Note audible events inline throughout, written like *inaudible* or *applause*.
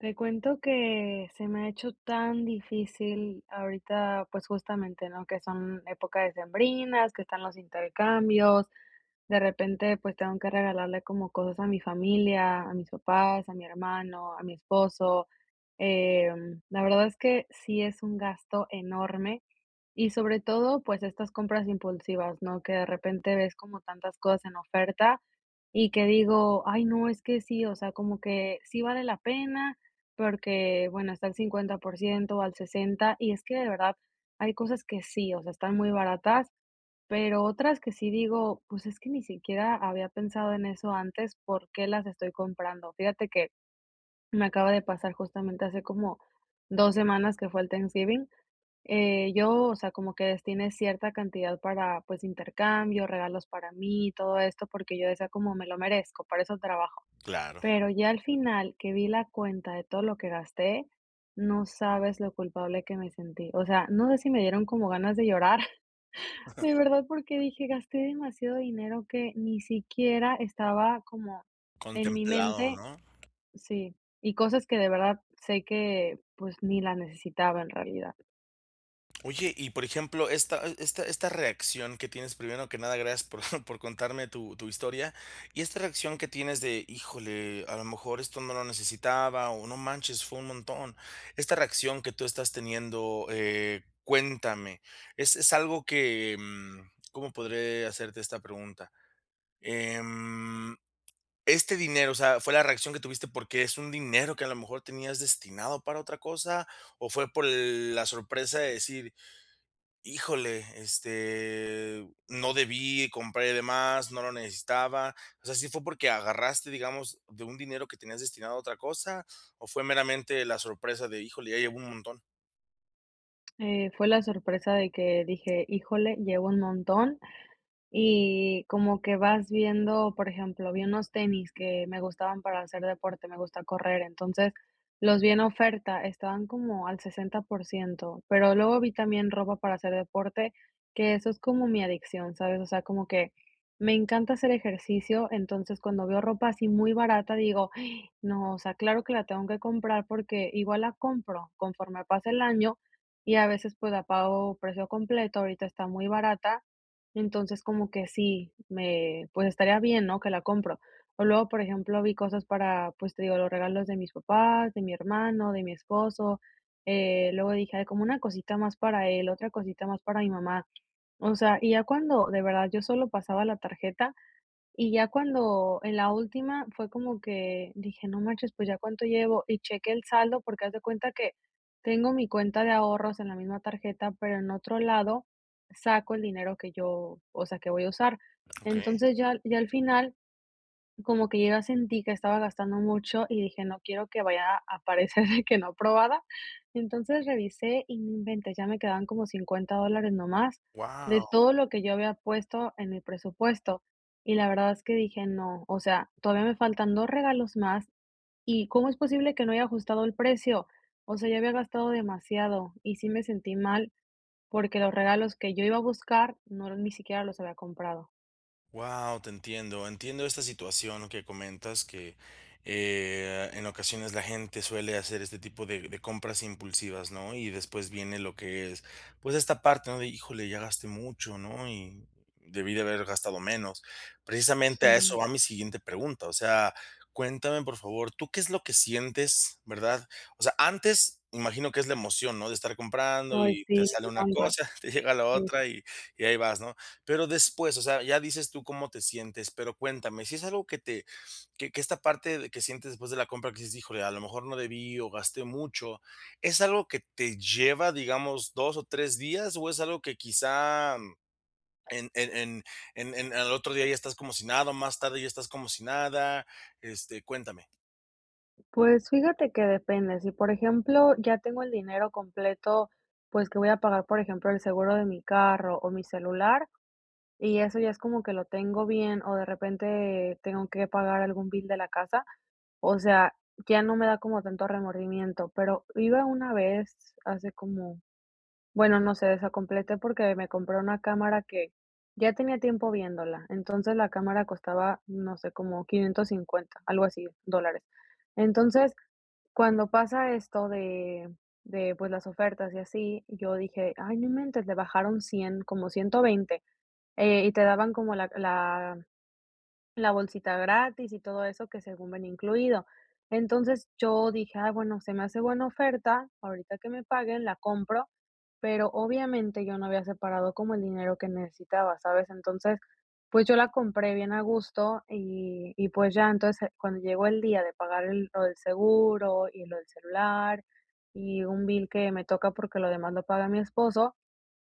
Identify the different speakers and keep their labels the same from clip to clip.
Speaker 1: Te cuento que se me ha hecho tan difícil ahorita, pues, justamente, ¿no?, que son épocas decembrinas, que están los intercambios. De repente, pues, tengo que regalarle como cosas a mi familia, a mis papás, a mi hermano, a mi esposo. Eh, la verdad es que sí es un gasto enorme y sobre todo, pues, estas compras impulsivas, ¿no? Que de repente ves como tantas cosas en oferta y que digo: "Ay no, es que sí", o sea, como que sí vale la pena porque, bueno, está al 50% al 60. Y es que de verdad hay cosas que sí, o sea, están muy baratas, pero otras que sí digo: "Pues, es que ni siquiera había pensado en eso antes, ¿por qué las estoy comprando?". Fíjate que me acaba de pasar justamente hace como 2 semanas que fue el Thanksgiving. Eh, yo, o sea, como que destiné cierta cantidad para, pues, intercambio, regalos para mí y todo esto, porque yo decía como: "Me lo merezco, para eso trabajo".
Speaker 2: Claro.
Speaker 1: Pero ya al final que vi la cuenta de todo lo que gasté, no sabes lo culpable que me sentí, o sea, no sé si me dieron como ganas de llorar, *chuckles* de verdad porque
Speaker 2: *chuckles*
Speaker 1: dije: "Gasté demasiado dinero que ni siquiera estaba como en mi
Speaker 2: Contemplado,
Speaker 1: mente".
Speaker 2: ¿no?
Speaker 1: Sí. Y cosas que de verdad sé que, pues, ni la necesitaba, en realidad.
Speaker 2: Oye, y por ejemplo, esta esta esta reacción que tienes, primero que nada, gracias por *chuckles* por contarme tu tu historia, Y esta reacción que tienes de: "Híjole, a lo mejor esto no lo necesitaba, o no manches, fue un montón". Esta reacción que tú estás teniendo, eh, cuéntame, es es algo que, mm, ¿cómo podré hacerte esta pregunta? Em, este dinero, o sea, ¿fue la reacción que tuviste? ¿Por qué es un dinero que a lo mejor tenías destinado para otra cosa? ¿O fue por l la sorpresa de decir, híjole, este, no debí, compré de más, no lo necesitaba? O sea, ¿sí fue porque agarraste, digamos, de un dinero que tenías destinado a otra cosa o fue meramente la sorpresa de híjole, ya llevo un montón?
Speaker 1: Eh, fue la sorpresa de que dije: "Híjole, llevo un montón", y como que vas viendo, por ejemplo, vi unos tenis que me gustaban para hacer deporte, me gusta correr. Entonces, los vi en oferta, estaban como al 60%, pero luego vi también ropa para hacer deporte, que eso es como mi adicción, ¿sabes? O sea, como que me encanta hacer ejercicio. Entonces, cuando veo ropa así muy barata digo: *gasps* "No, o sea, claro que la tengo que comprar" porque igual la compro conforme pasa el año y a veces, pues, la pago precio completo, ahorita está muy barata, entonces, como que sí, me, pues, estaría bien, ¿no? Que la compro. O luego, por ejemplo, vi cosas para, pues, te digo, los regalos de mis papás, de mi hermano, de mi esposo. Eh, luego dije, ay, como una cosita más para él, otra cosita más para mi mamá. O sea, y ya cuando, de verdad, yo solo pasaba la tarjeta, y ya cuando en la última fue como que dije: "No manches, pues, ¿ya cuánto llevo?", y cheque el saldo, porque haz de cuenta que tengo mi cuenta de ahorros en la misma tarjeta, pero en otro lado saco el dinero que yo, o sea, que voy a usar.
Speaker 2: Okey.
Speaker 1: Entonces, ya ya al final, como que yo ya sentí que estaba gastando mucho y dije no quiero que vaya a aparecer que no aprobada. Entonces, revisé y no inventes, ya me quedaban como 50 dólares nada más de
Speaker 2: Guau.
Speaker 1: todo lo que yo había puesto en mi presupuesto, y la verdad es que dije no, o sea, todavía me faltan 2 regalos más y cómo es posible que no haya ajustado el precio. O sea, ya había gastado demasiado y sí me sentí mal, porque los regalos que yo iba a buscar no ni siquiera los había comprado.
Speaker 2: Guau, te entiendo. Entiendo esta situación que comentas, que, eh, en ocasiones, la gente suele hacer este tipo de de compras impulsivas, ¿no? Y después viene lo que es, pues, esta parte, ¿no? De híjole, ya gasté mucho, ¿no? Y debí de haber gastado menos. Precisamente a eso
Speaker 1: Sí.
Speaker 2: va mi siguiente pregunta. O sea, cuéntame, por favor, ¿tú qué es lo que sientes, verdad? O sea, antes, imagino que es la emoción, ¿no?, de estar comprando
Speaker 1: Ay,
Speaker 2: y te
Speaker 1: sí.
Speaker 2: sale
Speaker 1: Me
Speaker 2: una
Speaker 1: encanta.
Speaker 2: cosa, te llega la
Speaker 1: Sí.
Speaker 2: otra y y ahí vas, ¿no? Pero después, o sea, ya dices tú cómo te sientes. Pero cuéntame, si es algo que te que que esta parte de que sientes después de la compra que dices: "Híjole, a lo mejor no debí o gasté mucho". ¿Es algo que te lleva, digamos, 2 o 3 días, o, es algo que quizá en en en en en al otro día ya estás como si nada, o más tarde ya estás como si nada? Este, cuéntame.
Speaker 1: Pues, fíjate que depende. Sí, por ejemplo, ya tengo el dinero completo, pues, que voy a pagar. Por ejemplo, el seguro de mi carro o mi celular, y eso ya es como que lo tengo bien, o de repente tengo que pagar algún bill de la casa, o sea, ya no me da como tanto remordimiento. Pero iba una vez, hace como bueno, no sé, desacompleté porque me compré una cámara que ya tenía tiempo viéndola, entonces, la cámara costaba, no sé, como 550, algo así, dólares. Entonces, cuando pasa esto de de, pues, las ofertas y así, yo dije: "Ay, no inventes, le bajaron 100, como 120". Eh, y te daban como la la la bolsita gratis y todo eso que según venía incluido. Entonces, yo dije: "Ah, bueno, se me hace buena oferta, ahorita que me paguen la compro". Pero, obviamente, yo no había separado como el dinero que necesitaba, ¿sabes? Entonces, pues, yo la compré bien a gusto y y, pues, ya. Entonces, cuando llegó el día de pagar lo del seguro y lo del celular, y un bill que me toca porque lo demás lo paga mi esposo,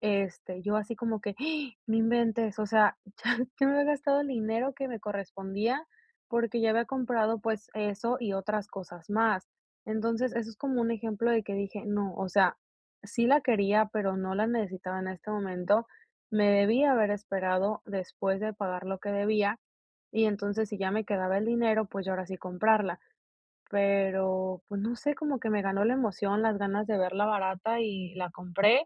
Speaker 1: este, yo así como que, *gasps* no inventes. O sea, ya yo me había gastado el dinero que me correspondía, porque ya había comprado, pues, eso y otras cosas más. Entonces, eso es como un ejemplo de que dije: "No, o sea, sí la quería, pero no la necesitaba en este momento. Me debí haber esperado después de pagar lo que debía, y entonces, si ya me quedaba el dinero, pues, yo ahora sí comprarla". Pero, pues, no sé, como que me ganó la emoción, las ganas de verla barata y la compré.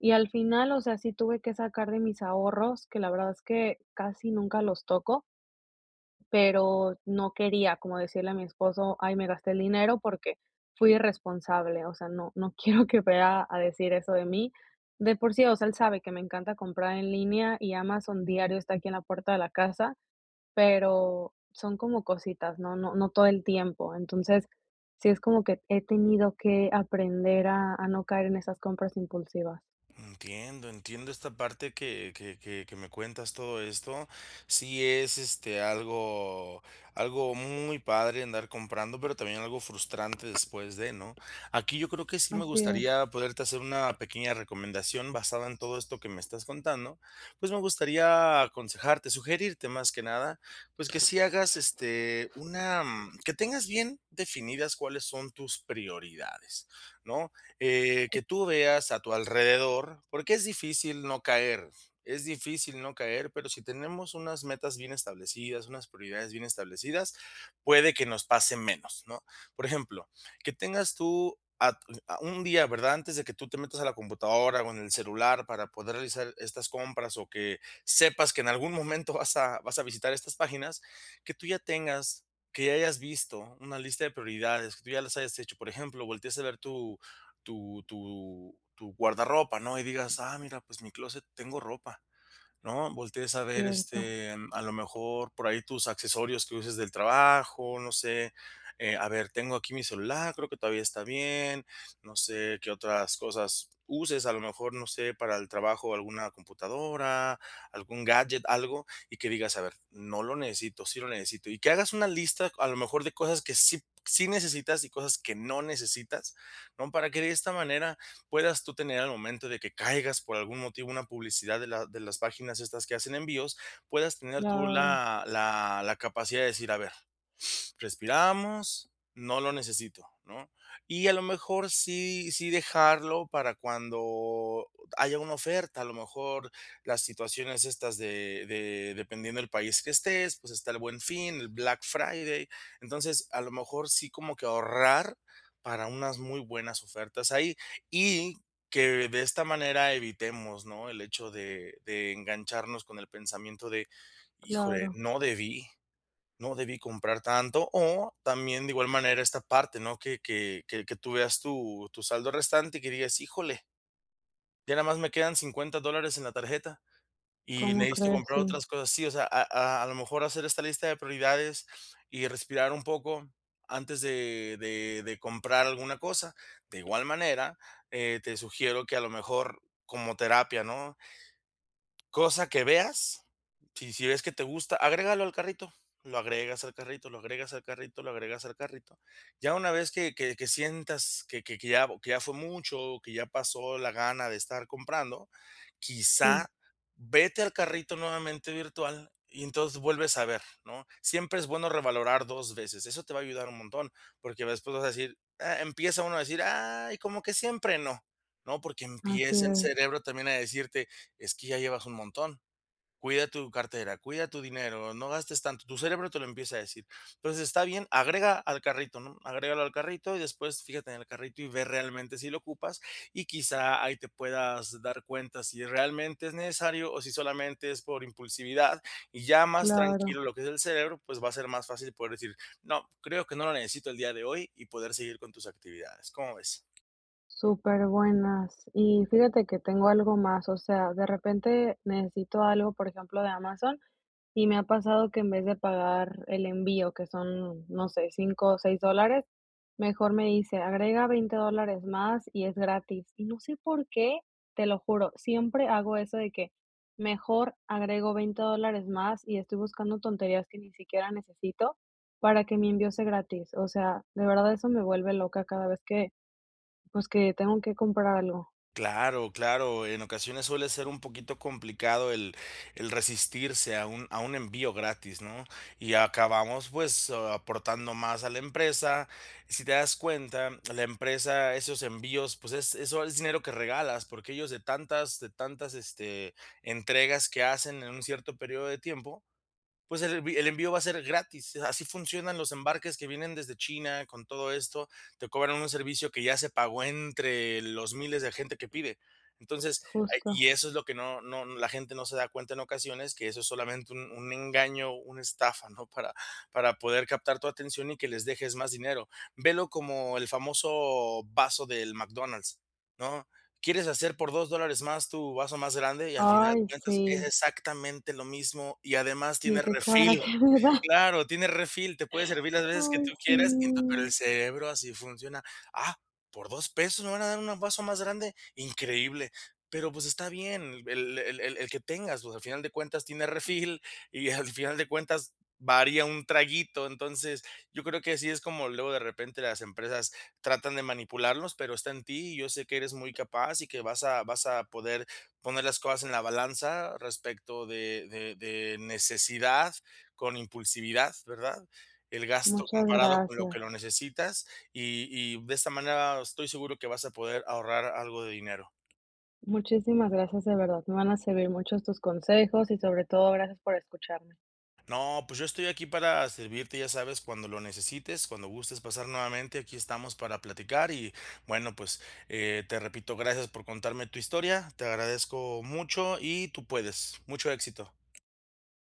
Speaker 1: Y al final, o sea, sí tuve que sacar de mis ahorros, que la verdad es que casi nunca los toco pero no quería como decirle a mi esposo: "Ay me gasté el dinero porque fui irresponsable". O sea, no no quiero que vea a decir eso de mí. De por sí, o sea, él sabe que me encanta comprar en línea, y Amazon diario está aquí en la puerta de la casa, pero son como cositas, no no no todo el tiempo. Entonces, sí es como que he tenido que aprender a a no caer en esas compras impulsivas.
Speaker 2: Entiendo, entiendo esta parte que que que que me cuentas todo esto. Sí es, este, algo algo muy padre andar comprando, pero también algo frustrante después de, ¿no? Aquí yo creo que sí me
Speaker 1: Así es.
Speaker 2: gustaría poderte hacer una pequeña recomendación basada en todo esto que me estás contando. Pues, me gustaría aconsejarte, sugerirte más que nada. Pues, que sí hagas, este, una que tengas bien definidas cuáles son tus prioridades, ¿no? Eh, que tú veas a tu alrededor, porque es difícil no caer, es difícil no caer, pero si tenemos unas metas bien establecidas, unas prioridades bien establecidas, puede que nos pase menos, ¿no? Por ejemplo, que tengas tú a t u a un día, ¿verdad?, antes de que tú te metas a la computadora o en el celular para poder realizar estas compras, o que sepas que en algún momento vas a vas a visitar estas páginas, que tú ya tengas, que ya hayas visto una lista de prioridades, que tú ya las hayas hecho. Por ejemplo, voltees a ver tu tu tu tu guardarropa, ¿no?, y digas: "Ah, mira, pues, mi clóset, tengo ropa", ¿no? Voltees a ver,
Speaker 1: Cierto.
Speaker 2: este, a lo mejor por ahí tus accesorios que uses del trabajo, no sé. Eh, a ver, tengo aquí mi celular, creo que todavía está bien. No sé qué otras cosas uses, a lo mejor, no sé, para el trabajo, alguna computadora, algún gadget, algo, y que digas: "A ver, no lo necesito, sí lo necesito", y que hagas una lista, a lo mejor, de cosas que sí p sí necesitas y cosas que no necesitas, ¿no? Para que, de esta manera, puedas tú tener, al momento de que caigas por algún motivo, una publicidad de la de las páginas estas que hacen envíos, puedas tener tú
Speaker 1: Claro.
Speaker 2: la la la capacidad de decir: "A ver, *inhales* respiramos, no lo necesito", ¿no? Y a lo mejor sí sí dejarlo para cuando haya una oferta, a lo mejor las situaciones estas de de dependiendo el país que estés, pues está el Buen Fin, el Black Friday. Entonces, a lo mejor sí como que ahorrar para unas muy buenas ofertas ahí. Y que, de esta manera, evitemos, ¿no?, el hecho de de engancharnos con el pensamiento de: "Híjole,
Speaker 1: Claro.
Speaker 2: no debí no debí comprar tanto". O también, de igual manera, esta parte, ¿no?, que que que tú veas tu tu saldo restante, que digas: "Híjole ya nada más me quedan 50 dólares en la tarjeta y
Speaker 1: ¿Cómo
Speaker 2: necesito
Speaker 1: crees?
Speaker 2: comprar
Speaker 1: Sí.
Speaker 2: otras cosas". Sí, o sea, a a a lo mejor hacer esta lista de prioridades y respirar un poco antes de de de comprar alguna cosa. De igual manera, eh, te sugiero que, a lo mejor, como terapia, ¿no? Cosa que veas, si si ves que te gusta, agrégalo al carrito, lo agregas al carrito, lo agregas al carrito, lo agregas al carrito. Ya una vez que que que sientas que que que ya que ya fue mucho o que ya pasó la gana de estar comprando,
Speaker 1: Sí.
Speaker 2: quizá vete al carrito nuevamente virtual y entonces vuelves a ver, ¿no? Siempre es bueno revalorar 2 veces. Eso te va a ayudar un montón, porque después vas a decir, ah, empieza uno a decir: "Ay como que siempre no", ¿no?, porque
Speaker 1: Así
Speaker 2: empieza el
Speaker 1: es.
Speaker 2: cerebro también a decirte: "Es que ya llevas un montón, cuida tu cartera, cuida tu dinero, no gastes tanto". Tu cerebro te lo empieza a decir. Entonces, está bien, agrega al carrito, ¿no? Agrégalo al carrito y después fíjate en el carrito y ve realmente si lo ocupas. Y quizá ahí te puedas dar cuenta si realmente es necesario o si solamente es por impulsividad, y ya más
Speaker 1: Claro.
Speaker 2: tranquilo lo que es el cerebro, pues va a ser más fácil poder decir: "No, creo que no lo necesito el día de hoy" y poder seguir con tus actividades. ¿Cómo ves?
Speaker 1: Súper buenas. Y fíjate que tengo algo más, o sea, de repente necesito algo, por ejemplo, de Amazon, y me ha pasado que en vez de pagar el envío, que son, no sé, 5 ó 6 dólares, mejor me dice agrega 20 dólares más y es gratis. Y no sé por qué, te lo juro, siempre hago eso de que mejor agrego 20 dólares más y estoy buscando tonterías que ni siquiera necesito, para que mi envío sea gratis. O sea, de verdad eso me vuelve loca cada vez que, pues, que tengo que comprar algo.
Speaker 2: Claro, claro, en ocasiones suele ser un poquito complicado el el resistirse a un a un envío gratis, ¿no? Y acabamos, pues, aportando más a la empresa. Si te das cuenta, la empresa esos envíos, pues, es eso es dinero que regalas, porque ellos de tantas de tantas, este, entregas que hacen en un cierto período de tiempo, pues, el envi el envío va a ser gratis. Así funcionan los embarques que vienen desde China, con todo esto te cobran un servicio que ya se pagó entre los miles de gente que pide. Entonces, hay
Speaker 1: Justo.
Speaker 2: y eso es lo que no no la gente no se da cuenta en ocasiones que eso es solamente un un engaño, una estafa, ¿no? Para para poder captar tu atención y que les dejes más dinero, ve lo como el famoso vaso del McDonald's, ¿no? ¿Quieres hacer por 2 dólares más tu vaso más grande? Y al final de
Speaker 1: Ay,
Speaker 2: cuentas es
Speaker 1: sí.
Speaker 2: exactamente lo mismo y además tiene
Speaker 1: Sí, qué
Speaker 2: refill.
Speaker 1: coraje me da.
Speaker 2: Claro, tiene refill, te puede servir las veces que
Speaker 1: Ay,
Speaker 2: tú quieras, *unintelligible* pero el
Speaker 1: sí.
Speaker 2: cerebro, así funciona. Ah, por 2 pesos me van a dar un vaso más grande, increíble. Pero, pues, está bien el el el el que tengas, pues, al final de cuentas tiene refill, y al final de cuentas varía un traguito. Entonces, yo creo que así es como luego de repente las empresas tratan de manipularnos, pero está en ti. Yo sé que eres muy capaz, y que vas a vas a poder poner las cosas en la balanza respecto de de de necesidad con impulsividad, ¿verdad? El gasto
Speaker 1: Muchas
Speaker 2: comparado con lo que
Speaker 1: gracias.
Speaker 2: lo necesitas, y y, de esta manera estoy seguro que vas a poder ahorrar algo de dinero.
Speaker 1: Muchísimas gracias, de verdad, me van a servir muchos estos consejos y sobre todo gracias por escucharme.
Speaker 2: No, pues, yo estoy aquí para a servirte, ya sabes, cuando lo necesites, cuando gustes pasar nuevamente, aquí estamos para platicar y bueno, pues, eh, te repito, gracias por contarme tu historia, te agradezco mucho y tú puedes, mucho éxito.